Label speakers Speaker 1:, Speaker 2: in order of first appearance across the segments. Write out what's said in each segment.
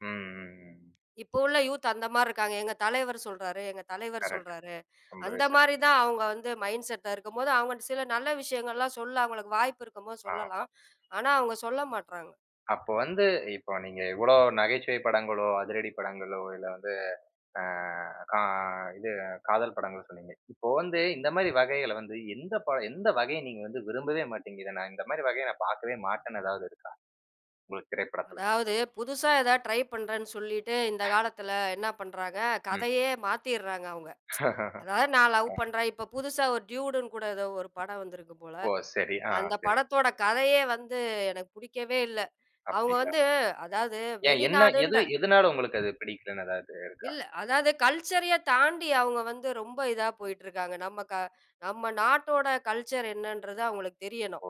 Speaker 1: ம், ம், ம்.
Speaker 2: இப்போ உள்ள யூத் அந்த மாறி இருக்காங்க, "எங்க தலைவர் சொல்றாரு, எங்க தலைவர்
Speaker 1: கரெக்ட்.
Speaker 2: சொல்றாரு,"
Speaker 1: ரொம்பவே
Speaker 2: அந்த மாறி
Speaker 1: சரிதான்.
Speaker 2: தான் அவங்க வந்து மைண்ட்செட்டா இருக்கும் போது, அவங்க சில நல்ல விஷயங்கள்லாம் சொல்ல, அவங்களுக்கு வாய்ப்பு இருக்கும் போது
Speaker 1: ஆமா.
Speaker 2: சொல்லலாம். ஆனா அவங்க சொல்ல மாட்டறாங்க.
Speaker 1: அப்ப வந்து, இப்ப நீங்க எவ்வளோ நகைச்சுவை படங்களோ, அதிரடி படங்களோ, இல்ல வந்து, ஆ, அ, இது காதல் படங்கள் சொன்னீங்க. இப்ப வந்து, இந்த
Speaker 2: ம்.
Speaker 1: மாரி வகைகள வந்து, எந்த ப படம், எந்த வகை நீங்க வந்து, விரும்பவே மாட்டீங்க. இல்ல நான் இந்த மாரி வகை நான் பாக்கவே மாட்டேன்னு ஏதாவது இருக்கா, உங்களுக்கு, திரைப்படத்துல?
Speaker 2: அதாவது புதுசா ஏதாவது ட்ரை பண்றேன்னு சொல்லிட்டு இந்த காலத்தில என்ன பண்றாங்க
Speaker 1: ம்.
Speaker 2: கதையவே மாத்துறாங்க அவங்க. அதாவது நான் லவ்
Speaker 1: ஆ.
Speaker 2: பண்றேன் இப்ப புதுசா ட்யூடுன்னு கூட ஏதோ படம் வந்திருக்கு போல.
Speaker 1: ஓ! சரி, ஆ,
Speaker 2: அந்த
Speaker 1: சரி.
Speaker 2: படத்தோட கதையே வந்து எனக்கு புடிக்கவே இல்ல. அவங்க
Speaker 1: அப்டிங்களா,
Speaker 2: வந்து அதாவது
Speaker 1: ஏன் என்ன
Speaker 2: வெளிநாடுன்ற
Speaker 1: எது எதனால உங்களுக்கு அது பிடிக்கலன்னு ஏதாவது இருக்கா?
Speaker 2: இல்ல அதாவது கல்ச்சரயே தாண்டி அவங்க வந்து ரொம்ப இதா போயிட்டு இருக்காங்க. நம்ம க நம்ம நாட்டோட கல்ச்சர் என்னன்றது அவங்களுக்கு தெரியணும்.
Speaker 1: ஓ!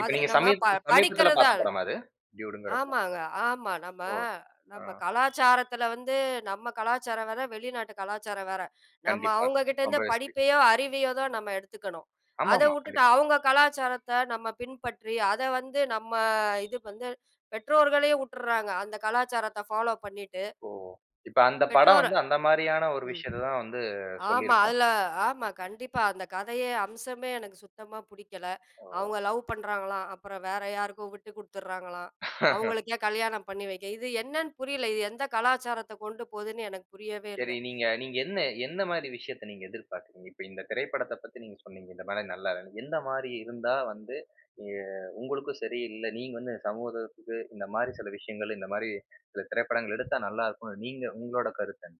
Speaker 1: இப்ப
Speaker 2: அது
Speaker 1: நீங்க
Speaker 2: நம்ம
Speaker 1: சமீ
Speaker 2: ப
Speaker 1: சமீபத்துல
Speaker 2: படிக்கிறது.
Speaker 1: பார்த்த படம் அது? டியூட்ங்குற படம்.
Speaker 2: ஆமாங்க, ஆமா நம்ம
Speaker 1: ஓ,
Speaker 2: நம்ம
Speaker 1: அ.
Speaker 2: கலாச்சாரத்துல வந்து நம்ம கலாச்சாரம் வேற வெளிநாட்டு கலாச்சாரம் வேற. நம்ம
Speaker 1: கண்டிப்பா.
Speaker 2: அவங்ககிட்ட இருந்து
Speaker 1: ரொம்பவே சரி.
Speaker 2: படிப்பையோ அறிவையோ தான் நம்ம எடுத்துக்கணும். அத
Speaker 1: ஆமாமா,
Speaker 2: வுட்டுட்டு
Speaker 1: கண்டிப்பா.
Speaker 2: அவங்க கலாச்சாரத்த நம்ம பின்பற்றி அத வந்து நம்ம இது வந்து பெற்றோர்களையும் வுட்டுறாங்க அந்த கலாச்சாரத்த ஃபாலோ பண்ணிட்டு.
Speaker 1: ஓ, இப்ப அந்த படம்
Speaker 2: பெற்றோர
Speaker 1: வந்து அந்த மாரியான ஒரு
Speaker 2: ம்.
Speaker 1: விஷயத்தத்தா வந்து
Speaker 2: ஆமா
Speaker 1: சொல்லிருக்கா?
Speaker 2: அதுல ஆமா கண்டிப்பா அந்த கதையே அம்சமே எனக்கு சுத்தமா புடிக்கல.
Speaker 1: ஓ!
Speaker 2: அவங்க லவ் பண்றாங்களாம், அப்புறம் வேற யாருக்கும் விட்டுக்குடுத்துறாங்களாம், அவங்களுக்கே கல்யாணம் பண்ணி வைக்க, இது என்னன்னு புரியல, இது எந்த கலாச்சாரத்தைக் கொண்டு போதுன்னு எனக்கு புரியவே
Speaker 1: சரி
Speaker 2: இல்ல.
Speaker 1: நீங்க நீங்க என்ன என்ன மாரி விஷயத்த நீங்க எதிர்பார்த்தீங்க, இப்ப இந்த திரைப்படத்த பத்தி நீங்க சொன்னீங்க இந்த படம் நல்லா இல்லைன்னு, எந்த மாரி இருந்தா வந்து, அ உங்களுக்கு சரி, இல்ல நீங்க இந்த சமூகத்துக்கு, இந்த மாரி சில விஷயங்கள், இந்த மாரி திரைப்படங்கள் எடுத்தா நல்லா இருக்கும், நீங்க, உங்களோட கருத்து என்ன?